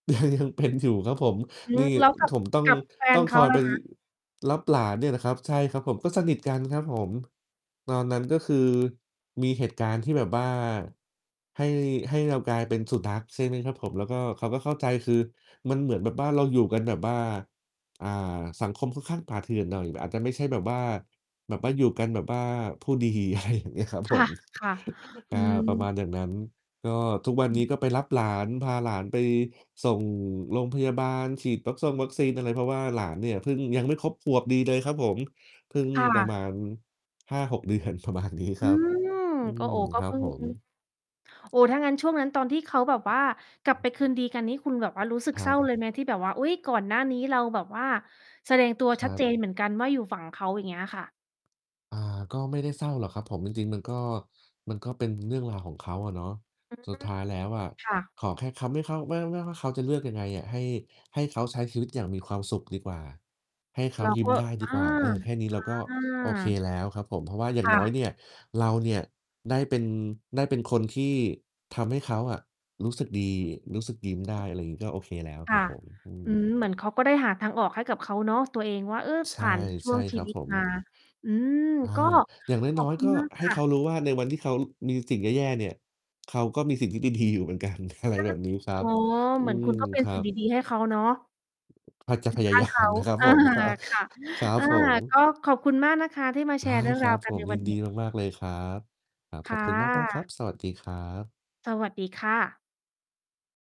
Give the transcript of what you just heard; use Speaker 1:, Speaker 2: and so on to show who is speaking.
Speaker 1: ยังเป็นอยู่ครับผม
Speaker 2: อื
Speaker 1: น
Speaker 2: ม
Speaker 1: ี่
Speaker 2: แล้วกับ
Speaker 1: ผมต้อง
Speaker 2: กับแฟ
Speaker 1: ต้
Speaker 2: น
Speaker 1: อง
Speaker 2: เข
Speaker 1: ค
Speaker 2: า
Speaker 1: อย
Speaker 2: ล
Speaker 1: ไ
Speaker 2: ่
Speaker 1: ป
Speaker 2: ะ
Speaker 1: ร
Speaker 2: คะ?
Speaker 1: รับหลานเนี่ยนะครับ ใช่ครับผม ก็สนิทกันครับผม ตอนนั้นก็คือ มีเหตุการณ์ที่แบบว่าให้ ให้เรากลายเป็นสุนัข ใช่ไหมครับผม แล้วก็ เขาก็เข้าใจ คือมันเหมือนแบบว่าเราอยู่กันแบบว่า อ่า สังคมค่อนข้างป่าเถื่อนหน่อย อาจจะไม่ใช่แบบว่า แบบว่าอยู่กันแบบว่าผู้ดี อะไรอย่างเงี้ยครับผม
Speaker 2: ค่ะ ๆ
Speaker 1: อ
Speaker 2: อ
Speaker 1: ่
Speaker 2: ื
Speaker 1: า ป
Speaker 2: ม
Speaker 1: ระมาณอย่างนั้น ก็ทุกวัน
Speaker 2: อ
Speaker 1: นี
Speaker 2: ืม
Speaker 1: ้ก็ไปรับหลาน พาหลานไปส่งโรงพยาบาล ฉีดวัคทรงวัคซีนอะไร เพราะว่าหลานเนี่ยเพิ่ง ยังไม่ครบขวบดีเลยครับผม เพิ่ง
Speaker 2: ค่
Speaker 1: ประ
Speaker 2: ะ
Speaker 1: มาณ 5-6 เดือน ประมาณนี้
Speaker 2: อ
Speaker 1: ค
Speaker 2: ื
Speaker 1: รับ
Speaker 2: ม
Speaker 1: อื
Speaker 2: ก็
Speaker 1: ม
Speaker 2: โอ้ ก
Speaker 1: ค
Speaker 2: ็
Speaker 1: รั
Speaker 2: เพ
Speaker 1: บ
Speaker 2: ิ่ง
Speaker 1: ผ
Speaker 2: อือฮึ
Speaker 1: ม
Speaker 2: โอ้โฮ ถ้างั้นช่วงนั้นตอนที่เขาแบบว่า กลั
Speaker 1: อ
Speaker 2: บ
Speaker 1: ื
Speaker 2: ไป
Speaker 1: ม
Speaker 2: คืนดีกันนี่คุณแบบว่ารู้สึก
Speaker 1: คร
Speaker 2: เศ
Speaker 1: ั
Speaker 2: ร้า
Speaker 1: บ
Speaker 2: เลยไหม ที่แบบว่า อุ๊ย ก่อนหน้านี้เราแบบว่า แสดงตัว
Speaker 1: ค
Speaker 2: ชั
Speaker 1: ร
Speaker 2: ด
Speaker 1: ั
Speaker 2: เจ
Speaker 1: บ
Speaker 2: นเหมือนกันว่าอยู่ฝั่งเขา อย่างเงี้ยค่ะ?
Speaker 1: อ่า ก็ไม่ได้เศร้าหรอกครับผม จริง ๆ มันก็ มันก็เป็นเรื่องราวของเขาอะเนาะ
Speaker 2: อื
Speaker 1: สุดท
Speaker 2: ม
Speaker 1: ้ายแล้วอะ
Speaker 2: ค่ะ
Speaker 1: ขอแค่เขาไม่เข้า ไม่ ไม่ว่าเขาจะเลือกยังไงอะ ให้ ให้เขาใช้ชีวิตอย่างมีความสุขดีกว่า ให้เขา
Speaker 2: เรา
Speaker 1: ยิ้
Speaker 2: ก
Speaker 1: ม
Speaker 2: ็
Speaker 1: ได้ด
Speaker 2: อ
Speaker 1: ี
Speaker 2: า
Speaker 1: กว่า เออ แค่นี้เราก็
Speaker 2: อื
Speaker 1: โอเค
Speaker 2: ม
Speaker 1: แล้วครับผม เพราะว่าอย่า
Speaker 2: ค
Speaker 1: ง
Speaker 2: ่
Speaker 1: น้อย
Speaker 2: ะ
Speaker 1: เนี่ย เราเนี่ยได้เป็น ได้เป็นคนที่ทำให้เขาอะรู้สึกดี รู้สึกยิ้มได
Speaker 2: อ
Speaker 1: ้
Speaker 2: ืม
Speaker 1: อะไรงี้ ก็โอเคแล้ว
Speaker 2: ค
Speaker 1: คร
Speaker 2: ่
Speaker 1: ั
Speaker 2: ะ
Speaker 1: บผม อื
Speaker 2: อื
Speaker 1: ม
Speaker 2: ม เหมือนเขาก็ได้หาทางออกให้กับเขาเนาะ ตัวเองว่า เออ
Speaker 1: ใช
Speaker 2: ผ
Speaker 1: ่
Speaker 2: ่านช
Speaker 1: ใ
Speaker 2: ่
Speaker 1: ช
Speaker 2: ว
Speaker 1: ่
Speaker 2: งช
Speaker 1: ค
Speaker 2: ี
Speaker 1: รับ
Speaker 2: วิต
Speaker 1: ผม
Speaker 2: มา อืม
Speaker 1: อา
Speaker 2: ก็
Speaker 1: อย่างน
Speaker 2: ขอ
Speaker 1: ้
Speaker 2: บ
Speaker 1: อย
Speaker 2: คุ
Speaker 1: ๆ ก
Speaker 2: ณ
Speaker 1: ็
Speaker 2: มาก
Speaker 1: ให
Speaker 2: ค
Speaker 1: ้
Speaker 2: ่
Speaker 1: เขา
Speaker 2: ะ
Speaker 1: รู้ว่า ในวันที่เขา ล มีสิ่งแย่ ๆ เนี่ย เขาก็มีสิ่งที่ ดี ๆ อยู่เหมือนกัน อะไร
Speaker 2: ก็
Speaker 1: แบบนี้ครั
Speaker 2: อ๋อ
Speaker 1: บ อื
Speaker 2: เหมือน
Speaker 1: ม
Speaker 2: คุณก็เป็
Speaker 1: ค
Speaker 2: น
Speaker 1: รั
Speaker 2: สิ่ง
Speaker 1: บ
Speaker 2: ดี ๆ ให้เขาเนาะ
Speaker 1: พ จะ
Speaker 2: อย
Speaker 1: พ
Speaker 2: ู่
Speaker 1: ย
Speaker 2: ข
Speaker 1: า
Speaker 2: ้า
Speaker 1: ย
Speaker 2: ง
Speaker 1: า
Speaker 2: เข
Speaker 1: ม
Speaker 2: า
Speaker 1: นะครับ
Speaker 2: เออ
Speaker 1: ผมนะ
Speaker 2: ค่ะ
Speaker 1: ครับ
Speaker 2: อา
Speaker 1: ผม
Speaker 2: ก็ขอบคุณมากนะคะที่มาแ
Speaker 1: ไ
Speaker 2: ช
Speaker 1: ด
Speaker 2: ร์
Speaker 1: ้
Speaker 2: เรื่อง
Speaker 1: คร
Speaker 2: รา
Speaker 1: ั
Speaker 2: ว
Speaker 1: บ
Speaker 2: กั
Speaker 1: ผ
Speaker 2: นใ
Speaker 1: ม
Speaker 2: น
Speaker 1: ย
Speaker 2: ว
Speaker 1: ิ
Speaker 2: ัน
Speaker 1: นด
Speaker 2: นี
Speaker 1: ี
Speaker 2: ้
Speaker 1: มาก ๆ เลยครับ อ่า
Speaker 2: ค
Speaker 1: ขอ
Speaker 2: ่
Speaker 1: บคุณมาก ๆ ครั
Speaker 2: ะ
Speaker 1: บ สวัสดีครับ
Speaker 2: สวัสดีค่ะ